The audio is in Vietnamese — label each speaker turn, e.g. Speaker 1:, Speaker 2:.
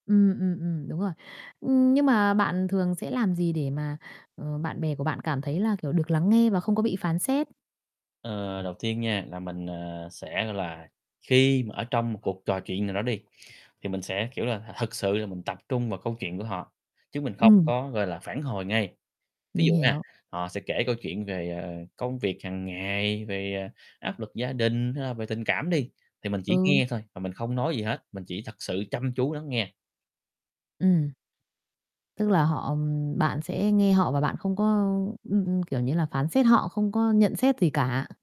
Speaker 1: Ừm, ừm, ừm, đúng rồi. Nhưng mà bạn thường sẽ làm gì để mà, ờ, bạn bè của bạn cảm thấy là, kiểu, được lắng nghe và không có bị phán xét?
Speaker 2: Ờ, đầu tiên nha, là mình, ờ, sẽ, gọi là, khi mà ở trong một cuộc trò chuyện nào đó đi, thì mình sẽ, kiểu là, thực sự là mình tập trung vào câu chuyện của họ, chứ mình không
Speaker 1: Ừm.
Speaker 2: có, gọi là, phản hồi ngay. Ví
Speaker 1: Mình
Speaker 2: dụ nghe,
Speaker 1: hiểu.
Speaker 2: họ sẽ kể câu chuyện về, ờ, công việc hằng ngày, về, ờ, áp lực gia đình, hay là về tình cảm đi, thì mình chỉ
Speaker 1: Ừ.
Speaker 2: nghe thôi và mình không nói gì hết, mình chỉ thật sự chăm chú lắng nghe.
Speaker 1: Ừm. Tức là họ bạn sẽ nghe họ và bạn không có ưm, ưm, kiểu như là, phán xét họ, không có nhận xét gì cả.